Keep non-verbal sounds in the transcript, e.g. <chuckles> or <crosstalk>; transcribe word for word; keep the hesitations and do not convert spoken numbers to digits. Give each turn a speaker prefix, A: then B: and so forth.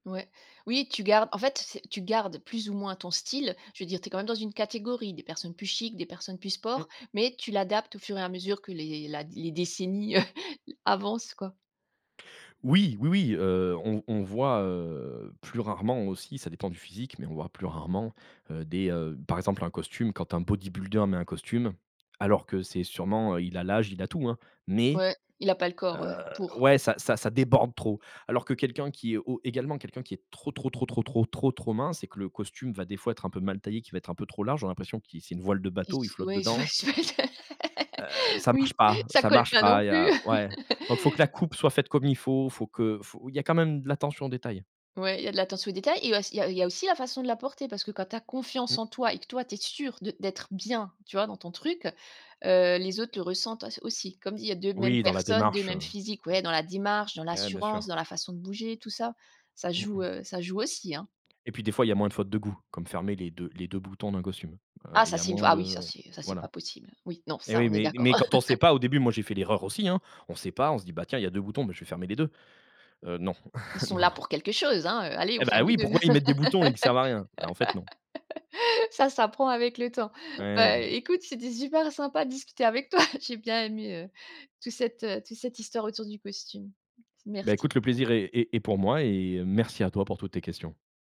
A: Ouais, oui tu gardes, en fait c'est tu gardes plus ou moins ton style, je veux dire tu es quand même dans une catégorie, des personnes plus chic, des personnes plus sport,
B: Mmh.
A: mais tu l'adaptes au fur et à mesure que les la les décennies, heu, <chuckles> avancent, quoi.
B: Oui, oui, oui, heu, on on voit, heu, plus rarement aussi, ça dépend du physique, mais on voit plus rarement, heu, des, heu, par exemple, un costume quand un bodybuilder met un costume alors que c'est sûrement, heu, il a l'âge, il a tout hein, mais
A: Ouais, il a pas le
B: heu,
A: corps ouais, pour.
B: ouais, ça ça déborde trop. Alors que quelqu'un qui est o également quelqu'un qui est trop trop trop trop trop trop trop mince et que le costume va des fois être un peu mal taillé, qui va être un peu trop large, on a l'impression qui c'est une voile de
A: Il
B: bateau, il
A: s
B: flotte
A: ouais il s
B: dedans.
A: pas <unintelligible>
B: Heu,
A: <laughs>
B: ça marche
A: oui,
B: pas,
A: ça
B: ça
A: colle
B: marche
A: pas non
B: pas. Il y
A: plus!
B: a ouais, donc il faut que la
A: <laughs>
B: coupe soit faite comme il faut, il faut que faut il y a quand même de l'attention aux détails.
A: Ouais, il y a de l'attention aux détails et auss il y a il y a aussi la façon de la porter parce que quand tu as confiance
B: Mmh.
A: en toi et que toi tu es sûr de d'être bien, tu vois? Dans ton truc, heu, les autres le ressentent au aussi. Comme il y a deux mêmes
B: Oui, dans la
A: personnes, deux
B: démarche eh,
A: mêmes
B: bien sûr.
A: physiques, ouais dans la démarche, dans
B: Eh, bien
A: l'assurance,
B: sûr.
A: dans la façon de bouger tout ça, ça
B: Mmh
A: joue,
B: mh.
A: heu, ça joue aussi, hein.
B: Et puis des fois, il y a moins de fautes de goût, comme fermer les deux les deux boutons d'un costume. Heu,
A: Ah
B: il
A: ça
B: y a
A: c'est une fois
B: moins
A: ah oui ça
B: de
A: c'est ça c'est
B: voilà
A: pas possible, oui, non
B: et
A: ça,
B: oui,
A: on est
B: mais
A: d'accord.
B: mais quand on sait
A: <chuckles>
B: pas, au début moi j'ai fait l'erreur aussi, hein. On sait pas, on se dit: «Bah tiens il y deux boutons, bah, je vais fermer les deux». Heu, non,
A: Ils sont
B: <chuckles> non,
A: là
B: non.
A: pour quelque chose hein, heu, allez, on
B: Eh ben
A: ferme les
B: oui,
A: deux.
B: pourquoi ils mettent des boutons et ils servent à rien! Bah, en fait, non.
A: <laughs> Ça s'apprend avec le temps.
B: Et
A: Bah,
B: oui, oui.
A: écoute, c'était super sympa de discuter avec <chuckles> toi. J'ai bien aimé, heu, toute cette, heu, toute cette histoire autour du costume.
B: Beh
A: Merci.
B: écoute le plaisir est est est pour moi et heu, merci à toi pour toutes tes questions.